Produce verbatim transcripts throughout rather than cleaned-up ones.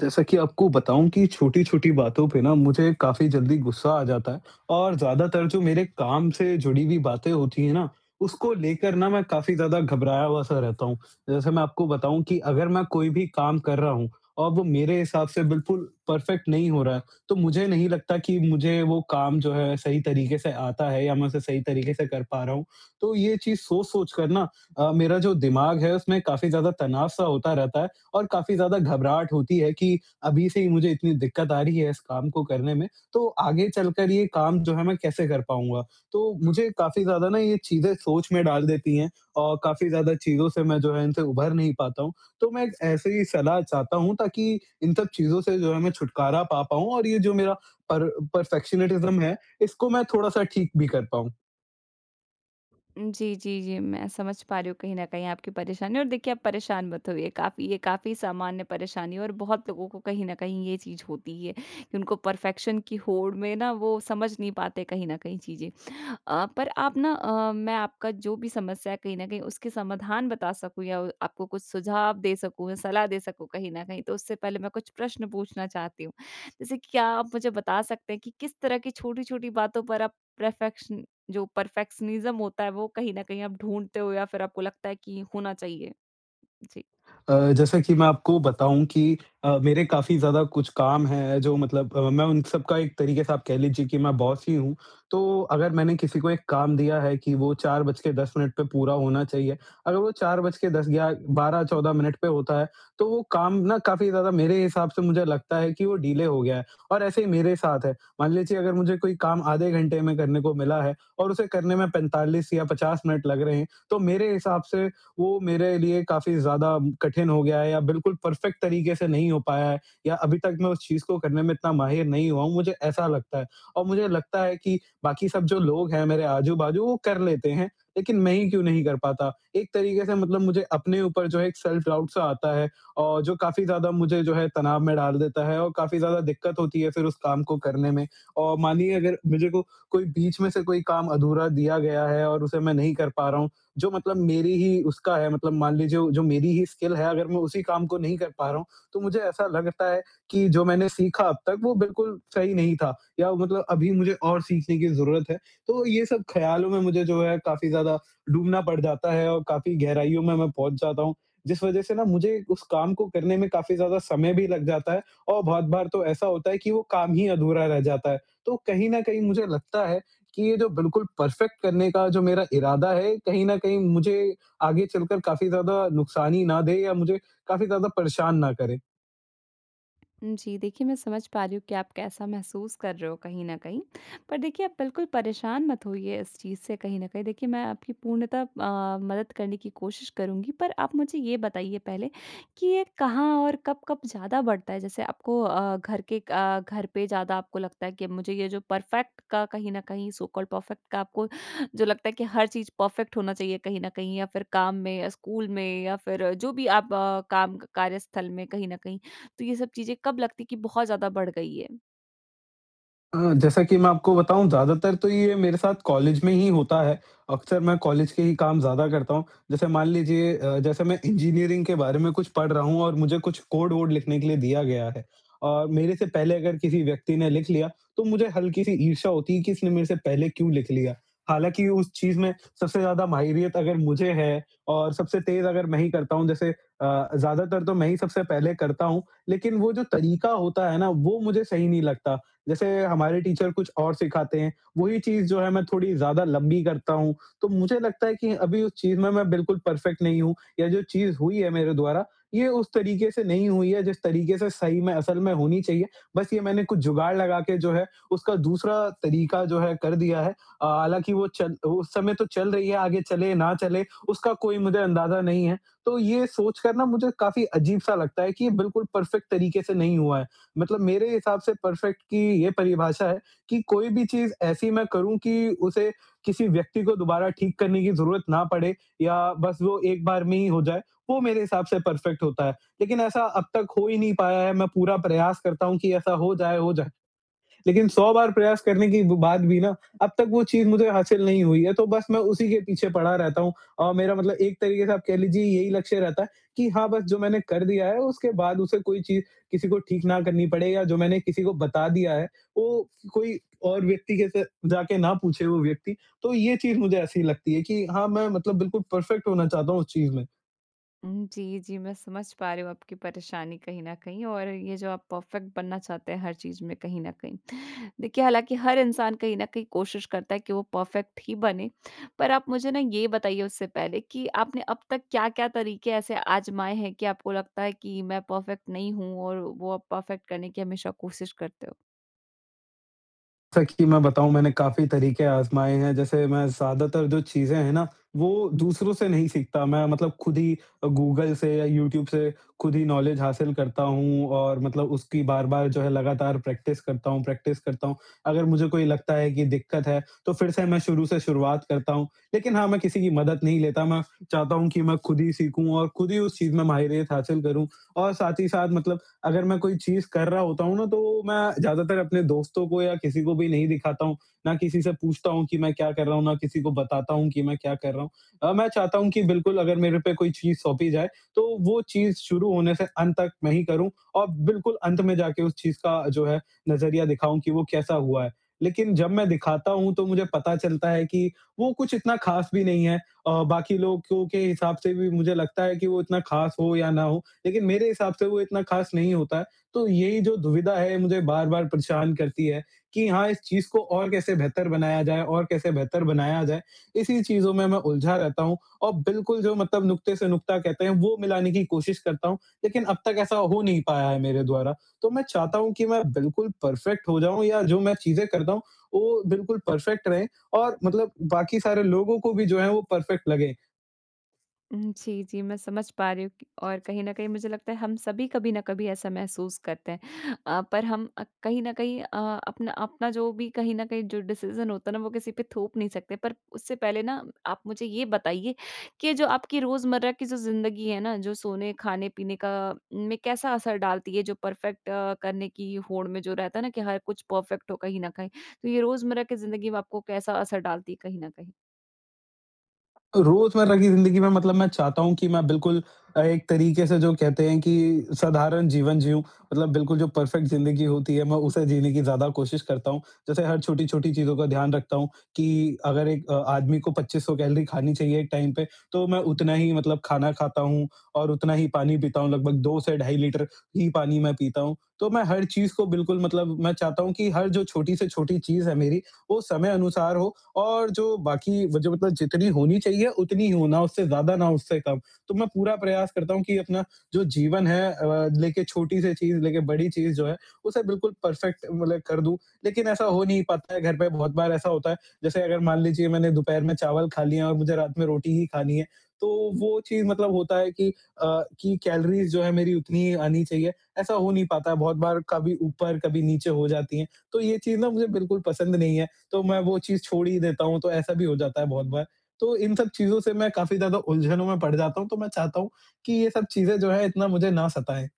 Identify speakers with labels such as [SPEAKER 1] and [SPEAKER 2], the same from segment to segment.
[SPEAKER 1] जैसा कि आपको बताऊँ कि छोटी-छोटी बातों पे ना मुझे काफ़ी जल्दी गुस्सा आ जाता है और ज़्यादातर जो मेरे काम से जुड़ी हुई बातें होती है ना, उसको लेकर ना मैं काफ़ी ज़्यादा घबराया हुआ सा रहता हूँ। जैसे मैं आपको बताऊँ कि अगर मैं कोई भी काम कर रहा हूँ और वो मेरे हिसाब से बिल्कुल परफेक्ट नहीं हो रहा है, तो मुझे नहीं लगता कि मुझे वो काम जो है सही तरीके से आता है या मैं उसे सही तरीके से कर पा रहा हूँ। तो ये चीज़ सोच-सोच कर ना अ, मेरा जो दिमाग है उसमें काफ़ी ज़्यादा तनाव सा होता रहता है और काफ़ी ज़्यादा घबराहट होती है कि अभी से ही मुझे इतनी दिक्कत आ रही है इस काम को करने में, तो आगे चलकर ये काम जो है, मैं कैसे कर पाऊँगा? तो मुझे काफ़ी ज़्यादा ना ये चीज़ें सोच में डाल देती है और काफ़ी ज़्यादा चीज़ों से मैं जो है इनसे उभर नहीं पाता हूँ। तो मैं एक ऐसे ही सलाह चाहता हूँ ताकि इन सब चीज़ों से जो है मैं छुटकारा पा पाऊँ और ये जो मेरा पर पर्फेक्शनेटिज्म है, इसको मैं थोड़ा-सा ठीक भी कर पाऊँ।
[SPEAKER 2] जी, जी, जी मैं समझ पा रही हूँ कहीं न कहीं आपकी परेशानी और देखिए आप परेशान मत होइए, काफ़ी ये काफ़ी सामान्य परेशानी है और बहुत लोगों को कहीं न कहीं ये चीज़ होती ही है, कि उनको परफेक्शन की होड़ में ना वो समझ नहीं पाते कहीं न कहीं चीज़ें। अ, पर आप ना अ, मैं आपका जो भी समस्या है कहीं न कहीं उसके समाधान बता सकूँ या उ आपको कुछ सुझाव दे सकूँ, या सलाह दे सकूँ कहीं न कहीं, तो उससे पहले मैं कुछ प्रश्न पूछना चाहती हूँ। जैसे कि क्या आप मुझे बता सकते हैं कि किस तरह की छोटी-छोटी बातों पर आप प्रैफेक्शन जो परफेक्शनिज़्म होता है वो कहीं न कहीं आप ढूँढ़ते हो या फिर आपको लगता है कि होना चाहिए? जी।
[SPEAKER 1] अ, जैसे कि मैं आपको बताऊँ कि अ, मेरे काफ़ी ज़्यादा कुछ काम है, जो मतलब अ, मैं उन सबका एक तरीक़े से आप कह लीजिए कि मैं बॉस ही हूँ, तो अगर मैंने किसी को एक काम दिया है कि वो चार बज के दस मिनट पे पूरा होना चाहिए, अगर वो चार बज के दस ग्या बारह चौदह मिनट पे होता है, तो वो काम ना काफ़ी ज़्यादा मेरे हिसाब से मुझे लगता है कि वो डिले हो गया है और ऐसे ही मेरे साथ है। मान लीजिए अगर मुझे कोई काम आधे घंटे में करने को मिला है और उसे करने में पैंतालीस या पचास मिनट लग रहे हैं, तो मेरे हिसाब से वो मेरे लिए काफ़ी ज़्यादा कठिन हो गया है या बिल्कुल परफेक्ट तरीक़े से नहीं हो पाया है या अभी तक मैं उस चीज़ को करने में इतना माहिर नहीं हुआ हूँ, मुझे ऐसा लगता है। और मुझे लगता है कि बाक़ी सब जो लोग हैं मेरे आजू-बाजू वो कर लेते हैं, लेकिन मैं ही क्यों नहीं कर पाता? एक तरीके से मतलब मुझे अपने ऊपर जो है एक सेल्फ डाउट सा आता है और जो काफ़ी ज़्यादा मुझे जो है तनाव में डाल देता है और काफ़ी ज़्यादा दिक्कत होती है फिर उस काम को करने में। और मानिए, अगर मुझे को कोई बीच में से कोई काम अधूरा दिया गया है और उसे मैं नहीं कर पा रहा हूँ, जो मतलब मेरी ही उसका है, मतलब मान लीजिए जो मेरी ही स्किल है, अगर मैं उसी काम को नहीं कर पा रहा हूँ, तो मुझे ऐसा लगता है, कि जो मैंने सीखा अब तक वो बिल्कुल सही नहीं था या मतलब अभी मुझे और सीखने की ज़रूरत है, तो ये सब ख़्यालों में मुझे जो है काफ़ी ज़्यादा डूबना पड़ जाता है और काफ़ी गहराइयों में मैं पहुँच जाता हूँ। जिस वजह से ना मुझे उस काम को करने में काफ़ी ज़्यादा समय भी लग जाता है और बहुत बार तो ऐसा होता है कि वो काम ही अधूरा रह जाता है। तो कहीं न कहीं मुझे लगता है, कि ये जो बिल्कुल परफेक्ट करने का जो मेरा इरादा है, कहीं न कहीं मुझे आगे चलकर काफ़ी ज़्यादा नुकसान ही ना दे या मुझे काफ़ी ज़्यादा परेशान ना करें।
[SPEAKER 2] उम, जी देखिए, मैं समझ पा रही हूँ कि आप कैसा महसूस कर रहे हो कहीं न कहीं, पर देखिए आप बिल्कुल परेशान मत होइए इस चीज़ से कहीं न कहीं, देखिए मैं आपकी पूर्णतः अ, मदद करने की कोशिश करूँगी। पर आप मुझे ये बताइए पहले कि ये कहाँ और कब-कब ज़्यादा बढ़ता है? जैसे आपको अ, घर के अ, घर पे ज़्यादा आपको लगता है कि मुझे ये जो परफेक्ट का कहीं न कहीं सो कॉल्ड परफेक्ट का आपको जो लगता है कि हर चीज़ परफेक्ट होना चाहिए कहीं न कहीं या फिर काम में या स्कूल में या फिर जो भी आप अ, काम कार्यस्थल में कहीं न कहीं, तो ये सब चीज़ें कब लगती कि बहुत ज़्यादा बढ़ गई हैं?
[SPEAKER 1] अ, जैसा कि मैं आपको बताऊँ ज़्यादातर तो ये मेरे साथ कॉलेज में ही होता है, अक्सर मैं कॉलेज के ही काम ज़्यादा करता हूँ। जैसे मान लीजिए अ, जैसे मैं इंजीनियरिंग के बारे में कुछ पढ़ रहा हूँ और मुझे कुछ कोड-वोड लिखने के लिए दिया गया है और मेरे से पहले अगर किसी व्यक्ति ने लिख लिया तो मुझे हल्की-सी ईर्ष्या होती है, कि इसने मेरे से पहले क्यों लिख लिया? हालाँकि उस चीज़ में सबसे ज़्यादा माहिरियत अगर मुझे है और सबसे तेज़ अगर मैं ही करता हूँ, जैसे अ, ज़्यादातर तो मैं ही सबसे पहले करता हूँ। लेकिन वो जो तरीका होता है ना वो मुझे सही नहीं लगता, जैसे हमारे टीचर कुछ और सिखाते हैं, वही चीज़ जो है मैं थोड़ी ज़्यादा लंबी करता हूँ, तो मुझे लगता है कि अभी उस चीज़ में मैं बिल्कुल परफेक्ट नहीं हूँ या जो चीज़ हुई है मेरे द्वारा ये उस तरीके से नहीं हुई है जिस तरीके से सही में, असल में होनी चाहिए, बस ये मैंने कुछ जुगाड़ लगा के जो है उसका दूसरा तरीका जो है कर दिया है। अ, हालाँकि वो चल उस समय तो चल रही है आगे चले ना चले उसका कोई मुझे अंदाज़ा नहीं है। तो ये सोचकर ना मुझे काफ़ी अजीब-सा लगता है कि ये बिल्कुल परफेक्ट तरीके से नहीं हुआ है, मतलब मेरे हिसाब से परफेक्ट की ये परिभाषा है कि कोई भी चीज़ ऐसी मैं करूँ कि उसे किसी व्यक्ति को दोबारा ठीक करने की ज़रूरत ना पड़े या बस वो एक बार में ही हो जाए, वो मेरे हिसाब से परफेक्ट होता है। लेकिन ऐसा अब तक हो ही नहीं पाया है मैं पूरा प्रयास करता हूँ कि ऐसा हो जाए हो जाए। लेकिन सौ बार प्रयास करने के ब बाद भी ना अब तक वो चीज़ मुझे हासिल नहीं हुई है तो बस मैं उसी के पीछे पड़ा रहता हूँ। अ, मेरा मतलब एक तरीके से आप कह लीजिए यही लक्ष्य रहता है कि हाँ, बस जो मैंने कर दिया है उसके बाद उसे कोई चीज़ किसी को ठीक ना करनी पड़े या जो मैंने किसी को बता दिया है, वो कोई और व्यक्ति के से जाके ना पूछे वो व्यक्ति तो ये चीज़ मुझे ऐसी लगती है कि हाँ, मैं मतलब बिल्कुल परफेक्ट होना चाहता हूँ उस चीज़ में।
[SPEAKER 2] उम, जी, जी, मैं समझ पा रही हूँ आपकी परेशानी कहीं न कहीं, और ये जो आप परफ़ेक्ट बनना चाहते हैं हर चीज़ में, कहीं न कहीं। देखिए, हालाँकि हर इंसान कहीं न कहीं कोशिश करता है कि वो परफ़ेक्ट ही बने, पर आप मुझे ना, ये बताइए उससे पहले कि आपने अब तक क्या-क्या तरीके ऐसे आज़माए हैं कि आपको लगता है कि, "मैं परफ़ेक्ट नहीं हूँ।" और वो आप परफ़ेक्ट करने की हमेशा कोशिश करते हो?
[SPEAKER 1] सच्ची मैं बताऊँ, मैंने काफ़ी तरीके आज़माए हैं। जैसे, मैं ज़्यादातर जो चीज़ें हैं ना, वो दूसरों से नहीं सीखता, मैं मतलब खुद ही अ, गूगल से या यूट्यूब से खुद ही नॉलेज हासिल करता हूँ और मतलब उसकी बार-बार जो है, लगातार प्रैक्टिस करता हूँ प्रैक्टिस करता हूँ। अगर मुझे कोई लगता है कि दिक्कत है, तो फिर से मैं शुरू से शुरुआत करता हूँ लेकिन हाँ, मैं किसी की मदद नहीं लेता, मैं चाहता हूँ कि मैं खुद ही सीखूँ और खुद ही उस चीज़ में माहिरियत हासिल करूँ। और साथ ही साथ, मतलब अगर मैं कोई चीज़ कर रहा होता हूँ ना, तो मैं ज़्यादातर अपने दोस्तों को या किसी को भी नहीं दिखाता हूँ, ना किसी से पूछता हूँ कि मैं क्या कर रहा हूँ, ना किसी को बताता हूँ कि मैं क्या कर रहा हूँ। अ, मैं चाहता हूँ कि बिल्कुल, अगर मेरे पे कोई चीज़ सौंपी जाए, तो वो चीज़ शुरू होने से अंत तक मैं ही करूँ और बिल्कुल अंत में जाके उस चीज़ का, जो है, नज़रिया दिखाऊँ कि वो कैसा हुआ है। लेकिन जब मैं दिखाता हूँ, तो मुझे पता चलता है कि वो कुछ इतना खास भी नहीं है अ, बाकी लोगों के हिसाब से भी मुझे लगता है कि वो इतना खास हो या ना हो, लेकिन मेरे हिसाब से वो इतना खास नहीं होता है। तो यही जो दुविधा है, मुझे बार-बार परेशान करती है कि हाँ, इस चीज़ को और कैसे बेहतर बनाया जाए और कैसे बेहतर बनाया जाए। इसी चीज़ों में मैं उलझा रहता हूँ और बिल्कुल, जो मतलब नुक़्ते से नुक़्ता कहते हैं, वो मिलाने की कोशिश करता हूँ। लेकिन अब तक ऐसा हो नहीं पाया है मेरे द्वारा, तो मैं चाहता हूँ कि मैं बिल्कुल परफ़ेक्ट हो जाऊँ, या जो मैं चीज़ें करता हूँ, वो बिल्कुल परफ़ेक्ट रहें और मतलब बाकी सारे लोगों को भी, जो है, वो परफ़ेक्ट लगे।
[SPEAKER 2] उम, जी, जी। मैं समझ पा रही हूँ कि और कहीं न कहीं मुझे लगता है हम सभी कभी ना कभी ऐसा महसूस करते हैं। अ, पर हम अ, कहीं न कहीं अ अपना अपना जो भी कहीं न कहीं जो डिसिजन होता है ना वो किसी पे थोप नहीं सकते पर उससे पहले ना आप मुझे ये बताइए कि जो आपकी रोज़मर्रा की जो ज़िंदगी है ना जो सोने, खाने-पीने का में कैसा असर डालती है? जो परफ़ेक्ट अ, करने की होड़ में जो रहता है ना? कि हर कुछ परफ़ेक्ट हो कहीं न कहीं, तो ये रोज़मर्रा की ज़िंदगी में आपको कैसा असर डालती है कहीं न कहीं?
[SPEAKER 1] अ, रोज़मर्रा की ज़िंदगी में मतलब मैं चाहता हूँ कि मैं बिल्कुल अ, एक तरीके से जो कहते हैं कि साधारण जीवन जिऊँ मतलब बिल्कुल जो परफ़ेक्ट ज़िंदगी होती है मैं उसे जीने की ज़्यादा कोशिश करता हूँ। जैसे हर छोटी-छोटी चीज़ों का ध्यान रखता हूँ, कि अगर एक अ, आदमी को पच्चीस सौ कैलोरी खानी चाहिए एक टाइम पे तो मैं उतना ही मतलब खाना खाता हूँ और उतना ही पानी पीता हूँ लगभग दो से ढाई लीटर ही पानी मैं पीता हूँ। तो मैं हर चीज़ को बिल्कुल मतलब मैं चाहता हूँ कि हर जो छोटी से छोटी चीज़ है मेरी वो समय अनुसार हो और जो बाकी व जो मतलब जितनी होनी चाहिए उतनी हो ना उससे ज़्यादा ना उससे कम। तो मैं पूरा प्रयास करता हूँ कि अपना जो जीवन है अ, लेके छोटी-सी चीज़ लेके बड़ी चीज़ जो है उसे बिल्कुल परफ़ेक्ट मतलब कर दूँ। लेकिन ऐसा हो नहीं पाता है घर पे बहुत बार ऐसा होता है जैसे अगर मान लीजिये मैंने दोपहर में चावल खा लिया और मुझे रात में रोटी ही खानी है, तो वो चीज़ मतलब होता है कि अ, कि कैलोरीज़ जो है मेरी उतनी ही आनी चाहिए। ऐसा हो नहीं पाता है बहुत बार कभी ऊपर कभी नीचे हो जाती है। तो ये चीज़ ना मुझे बिल्कुल पसंद नहीं है तो मैं वो चीज़ छोड़ ही देता हूँ, तो ऐसा भी हो जाता है बहुत बार। तो इन सब चीज़ से मैं काफ़ी ज़्यादा उलझनों में पड़ जाता हूँ तो मैं चाहता हूँ कि ये सब चीज़ें जो हैं इतना मुझे ना सताएँ।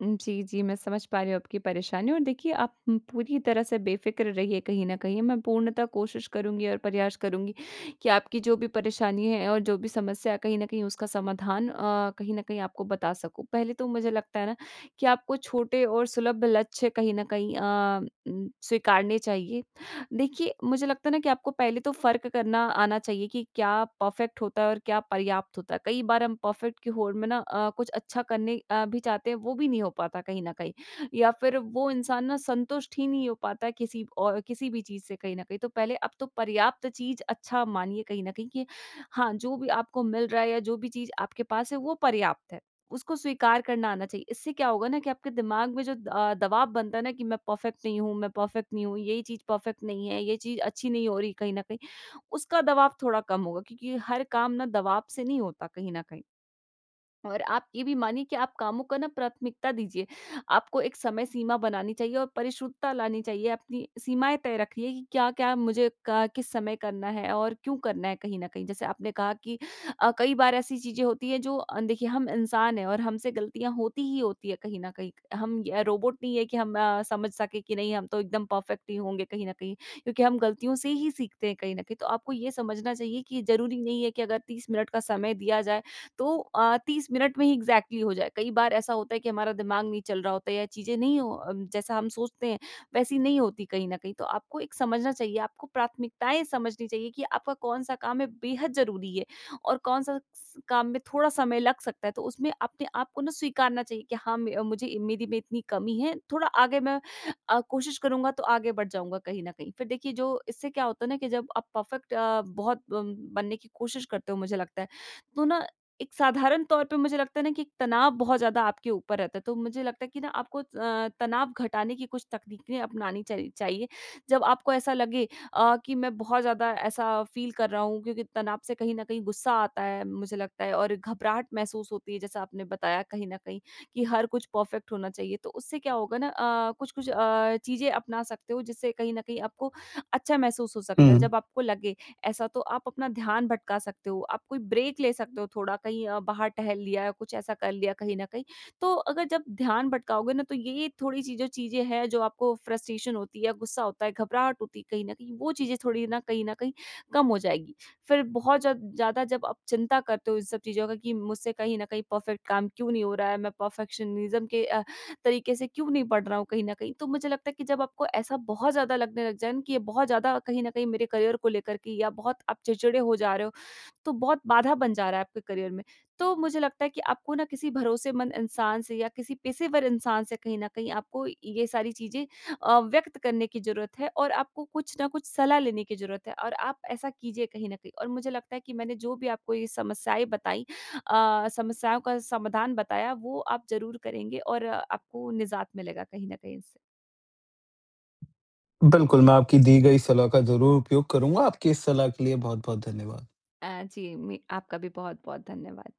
[SPEAKER 2] उम, जी, जी। मैं समझ पा रही हूँ आपकी परेशानी और देखिए आप उम, पूरी तरह से बेफ़िकर रहिए कहीं न कहीं, मैं पूर्णतः कोशिश करुँगी और प्रयास करुँगी कि आपकी जो भी परेशानी है और जो भी समस्या है कहीं न कहीं उसका समाधान अ, कहीं न कहीं आपको बता सकूँ। पहले तो मुझे लगता है ना कि आपको छोटे और सुलभ लक्ष्य कहीं न कहीं अ, उम, स्वीकारने चाहिए। देखिए मुझे लगता है ना कि आपको पहले तो फ़र्क करना आना चाहिए कि क्या परफ़ेक्ट होता है और क्या पर्याप्त होता है? कई बार हम परफ़ेक्ट की होड़ में ना अ, कुछ अच्छा करने अ, भी चाहते हैं वो भी नहीं हो पाता कहीं न कहीं या फिर वो इंसान ना संतुष्ट ही नहीं हो पाता है किसी औ अ, किसी भी चीज़ से कहीं न कहीं। तो पहले अब तो पर्याप्त चीज़ अच्छा मानिए कहीं न कहीं कि हाँ, जो भी आपको मिल रहा है या जो भी चीज़ आपके पास है वो पर्याप्त है। उसको स्वीकार करना आना चाहिए इससे क्या होगा ना कि आपके दिमाग में जो द अ, दबाव बनता है ना कि मैं परफ़ेक्ट नहीं हूँ मैं परफ़ेक्ट नहीं हूँ यही चीज़ परफ़ेक्ट नहीं है, ये चीज़ अच्छी नहीं हो रही कहीं न कहीं। उसका दवाब थोड़ा कम होगा क्योंकि हर काम ना दबाव से नहीं होता कहीं न कहीं। और आप ये भी मानिए कि आप कामों का प्राथमिकता दीजिए। आपको एक समय सीमा बनानी चाहिए और परिशुद्धता लानी चाहिए अपनी सीमाएँ तय रखिए कि क्या-क्या मुझे क किस समय करना है? और क्यों करना है कहीं न कहीं? जैसे आपने कहा कि अ, कई बार ऐसी चीजें होती हैं जो अ, देखिए हम इंसान हैं और हमसे गलतियाँ होती ही होती है कहीं न कहीं, हम य रोबोट नहीं है कि हम अ, समझ सके कि नहीं हम तो एकदम परफ़ेक्ट ही होंगे कहीं न कहीं। क्योंकि हम गलतियों से ही सीखते हैं कहीं न कहीं तो आपको ये समझना चाहिए कि ज़रूरी नहीं है कि अगर तीस मिनट का समय दिया जाएँ तो अ, तीस मिनट में ही एक्सजेक्टली हो जाएँ। कई बार ऐसा होता है कि हमारा दिमाग नहीं चल रहा होता या चीजें नहीं हो अ, जैसा हम सोचते हैं वैसी नहीं होती कहीं न कहीं। तो आपको एक समझना चाहिए आपको प्राथमिकताएँ समझनी चाहिए कि आपका कौन-सा काम है बेहद ज़रूरी है और कौन-सा स काम में थोड़ा समय लग सकता है तो उसमें अपने को ना स्वीकारना चाहिए कि हाँ म मुझे मेरी में इतनी कमी है। थोड़ा आगे मैं अ, कोशिश करूँगा तो आगे बढ़ जाऊँगा कहीं न कहीं। फिर देखिए जो इससे क्या होता है ना कि जब आप परफ़ेक्ट अ, बहुत ब बनने की कोशिश करते हो मुझे लगता है। तो ना एक साधारण तौर पे मुझे लगता है ना कि एक तनाव बहुत ज़्यादा आपके ऊपर रहता है तो मुझे लगता है कि ना आपको अ, तनाव घटाने की कुछ तकनीकें अपनानी चाहि चाहिए। जब आपको ऐसा लगे अ, कि मैं बहुत ज़्यादा ऐसा फील कर रहा हूँ क्योंकि तनाव से कहीं न कहीं गुस्सा आता है मुझे लगता है और घबराहट महसूस होती है जैसा आपने बताया कहीं न कहीं, कि हर कुछ परफ़ेक्ट होना चाहिए। तो उससे क्या होगा ना अ, कुछ-कुछ अ, चीज़ें अपना सकते हो जिससे कहीं न कहीं आपको अच्छा महसूस हो सकता है।
[SPEAKER 1] हुँ।
[SPEAKER 2] जब आपको लगे ऐसा तो आप अपना ध्यान भटका सकते हो, आप कोई ब्रेक ले सकते हो थोड़ा कहीं अ, बाहर टहल लिया या कुछ ऐसा कर लिया कहीं न कहीं। तो अगर जब ध्यान भटकाओगे ना तो ये-ये थोड़ी-सी जो चीज़ें हैं जो आपको फ्रस्ट्रेशन होती है, गुस्सा होता है, घबराहट होती है कहीं न कहीं वो चीज़ें थोड़ी ना कहीं न कहीं कम हो जाएगी। फिर बहुत जब ज़्यादा जब आप चिंता करते हो इन सब चीज़ों का कि मुझसे कहीं न कहीं परफ़ेक्ट काम क्यों नहीं हो रहा है, मैं परफेक्शनिज़्म के अ, तरीके से क्यों नहीं पढ़ रहा हूँ कहीं न कहीं। तो मुझे लगता है कि जब आपको ऐसा बहुत ज़्यादा लगने लग जाएँ कि ये बहुत ज़्यादा कहीं न कहीं मेरे करियर को लेकर के या बहुत आप चिड़चिड़े हो जा रहे हो तो बहुत बाधा बन जा रहा है आपके करियर में। तो मुझे लगता है कि आपको ना किसी भरोसेमंद इंसान से या किसी पेशेवर इंसान से कहीं न कहीं आपको ये सारी चीज़ें अ, व्यक्त करने की जरूरत है और आपको कुछ ना कुछ सलाह लेने की जरूरत है और आप ऐसा कीजिए कहीं न कहीं। और मुझे लगता है कि मैंने जो भी आपको ये समस्याएंँ बताई अ, समस्याओं का समाधान बताया वो आप ज़रूर करेंगे और आपको निजात मिलेगा कहीं न कहीं इससे।
[SPEAKER 1] बिल्कुल, मैं आपकी दी गई सलाह का ज़रूर उपयोग करूँगा। आपकी इस सलाह के लिए बहुत-बहुत धन्यवाद।
[SPEAKER 2] अ, जी मि आपका भी बहुत-बहुत धन्यवाद।